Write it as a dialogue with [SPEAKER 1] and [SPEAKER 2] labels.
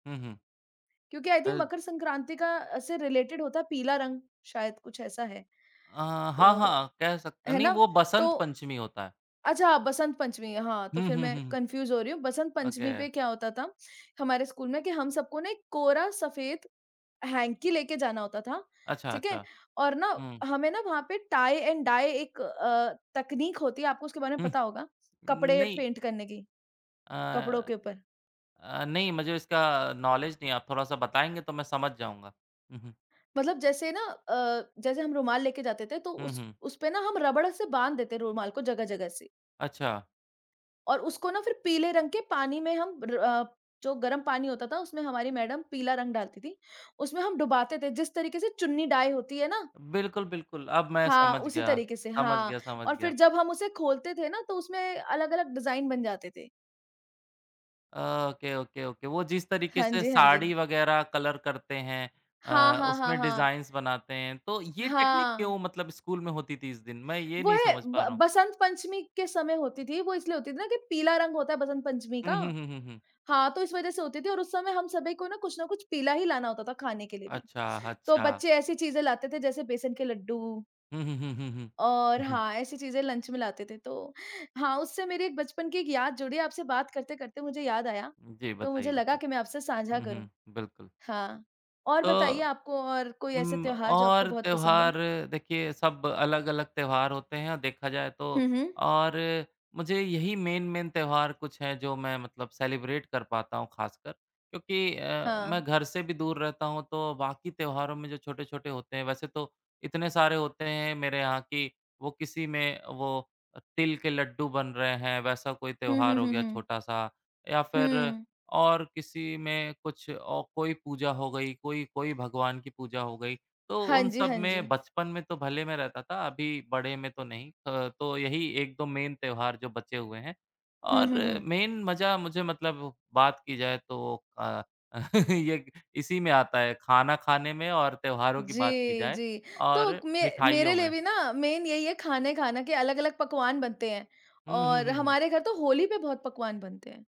[SPEAKER 1] हुँ, हुँ।
[SPEAKER 2] क्योंकि I think
[SPEAKER 1] ऐ
[SPEAKER 2] मकर संक्रांति का से रिलेटेड होता है पीला रंग, शायद कुछ ऐसा है
[SPEAKER 1] अ, हाँ,
[SPEAKER 2] तो,
[SPEAKER 1] हाँ, कह सकते हैं
[SPEAKER 2] है
[SPEAKER 1] नहीं
[SPEAKER 2] ना?
[SPEAKER 1] वो बसंत
[SPEAKER 2] तो
[SPEAKER 1] पंचमी होता है।
[SPEAKER 2] अच्छा बसंत पंचमी हाँ, तो
[SPEAKER 1] हुँ,
[SPEAKER 2] फिर
[SPEAKER 1] हुँ,
[SPEAKER 2] मैं
[SPEAKER 1] हुँ, हुँ।
[SPEAKER 2] कन्फ्यूज़ हो रही हूँ। बसंत
[SPEAKER 1] ओके।
[SPEAKER 2] पंचमी पे क्या होता था, हमारे स्कूल में कि हम सबको ना एक कोरा सफ़ेद हैंकी लेके जाना होता था,
[SPEAKER 1] अच्छा,
[SPEAKER 2] ठीक है?
[SPEAKER 1] अच्छा,
[SPEAKER 2] और ना,
[SPEAKER 1] हुँ।
[SPEAKER 2] हमें ना वहाँ पे टाइ एंड डाई एक अ, तकनीक होती है आपको उसके बारे में
[SPEAKER 1] हुँ,
[SPEAKER 2] पता होगा कपड़े
[SPEAKER 1] नहीं।
[SPEAKER 2] पेंट करने की कपड़ों
[SPEAKER 1] अ
[SPEAKER 2] के ऊपर।
[SPEAKER 1] अ, नहीं मुझे इसका अ, नॉलेज नहीं है। आप थोड़ा-सा बताएँगे तो मैं समझ जाऊँगा, हुँ, हुँ।
[SPEAKER 2] मतलब जैसे ना अ, जैसे हम रुमाल लेके जाते थे तो
[SPEAKER 1] हुँ,
[SPEAKER 2] उस
[SPEAKER 1] हुँ।
[SPEAKER 2] उसपे ना हम रबड़ से बाँध देते हैं रुमाल को जगह-जगह से।
[SPEAKER 1] अच्छा।
[SPEAKER 2] और उसको ना फिर पीले रंग के पानी में हम र अ, जो गरम पानी होता था उसमें हमारी मैडम पीला रंग डालती थी, उसमें हम डुबाते थे जिस तरीक़े से चुन्नी डाई होती है ना?
[SPEAKER 1] बिल्कुल, बिल्कुल, अब मैं
[SPEAKER 2] हाँ,
[SPEAKER 1] समझ
[SPEAKER 2] उसी
[SPEAKER 1] गया,
[SPEAKER 2] तरीक़े से
[SPEAKER 1] समझ
[SPEAKER 2] हाँ,
[SPEAKER 1] गया, समझ
[SPEAKER 2] और
[SPEAKER 1] गया।
[SPEAKER 2] फिर जब हम उसे खोलते थे ना तो उसमें अलग-अलग डिजाइन बन जाते थे।
[SPEAKER 1] ओके, ओके, ओके वो जिस तरीक़े
[SPEAKER 2] हाँ
[SPEAKER 1] से
[SPEAKER 2] जी, हाँ
[SPEAKER 1] साड़ी
[SPEAKER 2] जी।
[SPEAKER 1] वग़ैरह कलर करते हैं,
[SPEAKER 2] हाँ,
[SPEAKER 1] अ,
[SPEAKER 2] हाँ, हाँ,
[SPEAKER 1] उसमें
[SPEAKER 2] हाँ।
[SPEAKER 1] डिज़ाइन्स बनाते हैं। तो ये टेक्निक क्यों
[SPEAKER 2] हाँ।
[SPEAKER 1] मतलब स्कूल में होती थी इस दिन? मैं ये
[SPEAKER 2] वो
[SPEAKER 1] नहीं
[SPEAKER 2] है
[SPEAKER 1] समझ पा
[SPEAKER 2] ब
[SPEAKER 1] रहा हूँ।
[SPEAKER 2] बसंत पंचमी के समय होती थी। वो इसलिए होती थी ना कि पीला रंग होता है बसंत पंचमी का
[SPEAKER 1] हुँ, हुँ, हुँ, हुँ, हुँ।
[SPEAKER 2] हाँ तो इस वजह से होती थी और उस समय हम सभी को कुछ ना कुछ पीला ही लाना होता था खाने के लिए भी,
[SPEAKER 1] अच्छा,
[SPEAKER 2] तो
[SPEAKER 1] अच्छा।
[SPEAKER 2] बच्चे ऐसी चीज़ें लाते थे जैसे बेसन के लड्डू।
[SPEAKER 1] हुँ, हुँ, हुँ, हुँ, हुँ,
[SPEAKER 2] और
[SPEAKER 1] हुँ, हुँ।
[SPEAKER 2] हाँ, ऐसी चीज़ें लंच में लाते थे तो हाँ उससे मेरी एक बचपन की याद जुड़ी आपसे बात करते-करते मुझे याद आया,
[SPEAKER 1] जी,
[SPEAKER 2] तो
[SPEAKER 1] बताइये,
[SPEAKER 2] मुझे लगा
[SPEAKER 1] बताइये।
[SPEAKER 2] कि मैं आपसे सांझा
[SPEAKER 1] हुँ,
[SPEAKER 2] करूँ
[SPEAKER 1] हुँ, बिल्कुल।
[SPEAKER 2] हाँ, और बताइए
[SPEAKER 1] तो,
[SPEAKER 2] आपको और कोई ऐसे
[SPEAKER 1] उम्म
[SPEAKER 2] त्योहार जो आपको
[SPEAKER 1] और
[SPEAKER 2] बहुत पसंद हो।
[SPEAKER 1] त्योहार देखिए सब अलग-अलग त्योहार होते हैं और देखा जाए तो
[SPEAKER 2] हुँ, हुँ।
[SPEAKER 1] और मुझे यही मेन मेन त्यौहार कुछ हैं जो मैं मतलब सेलिब्रेट कर पाता हूँ ख़ासकर। क्योंकि अ, मैं
[SPEAKER 2] हाँ।
[SPEAKER 1] घर से भी दूर रहता हूँ तो बाक़ी त्योहारों में जो छोटे-छोटे होते हैं, वैसे तो इतने सारे होते हैं मेरे यहाँ कि वो किसी में वो तिल के लड्डू बन रहे हैं वैसा कोई
[SPEAKER 2] हुँ,
[SPEAKER 1] त्यौहार
[SPEAKER 2] हुँ,
[SPEAKER 1] हो
[SPEAKER 2] हुँ,
[SPEAKER 1] गया
[SPEAKER 2] हुँ।
[SPEAKER 1] छोटा सा, या फिर
[SPEAKER 2] हुँ।
[SPEAKER 1] और किसी में कुछ औ कोई पूजा हो गई, कोई कोई भगवान की पूजा हो गई। तो
[SPEAKER 2] हाँ
[SPEAKER 1] उन
[SPEAKER 2] जी,
[SPEAKER 1] सब
[SPEAKER 2] हाँ
[SPEAKER 1] में
[SPEAKER 2] जी।
[SPEAKER 1] बचपन में तो भले मैं रहता था अभी बड़े में तो नहीं। त तो यही 1-2 मेन त्योहार जो बचे हुए हैं
[SPEAKER 2] हुँ,
[SPEAKER 1] और
[SPEAKER 2] हुँ, हुँ।
[SPEAKER 1] में मज़ा मुझे मतलब बात की जाए तो अ, य इसी में आता है, खाना खाने में और त्योहारों की बात की
[SPEAKER 2] जी,
[SPEAKER 1] जाए
[SPEAKER 2] जी।
[SPEAKER 1] और
[SPEAKER 2] तो मे
[SPEAKER 1] मिठाइयों
[SPEAKER 2] मेरे लिए
[SPEAKER 1] में।
[SPEAKER 2] भी ना मेन यही है खाने खाने के अलग-अलग पकवान बनते हैं।
[SPEAKER 1] हुँ, हुँ,
[SPEAKER 2] और
[SPEAKER 1] हुँ, हुँ।
[SPEAKER 2] हमारे घर तो होली पे बहुत पकवान बनते हैं।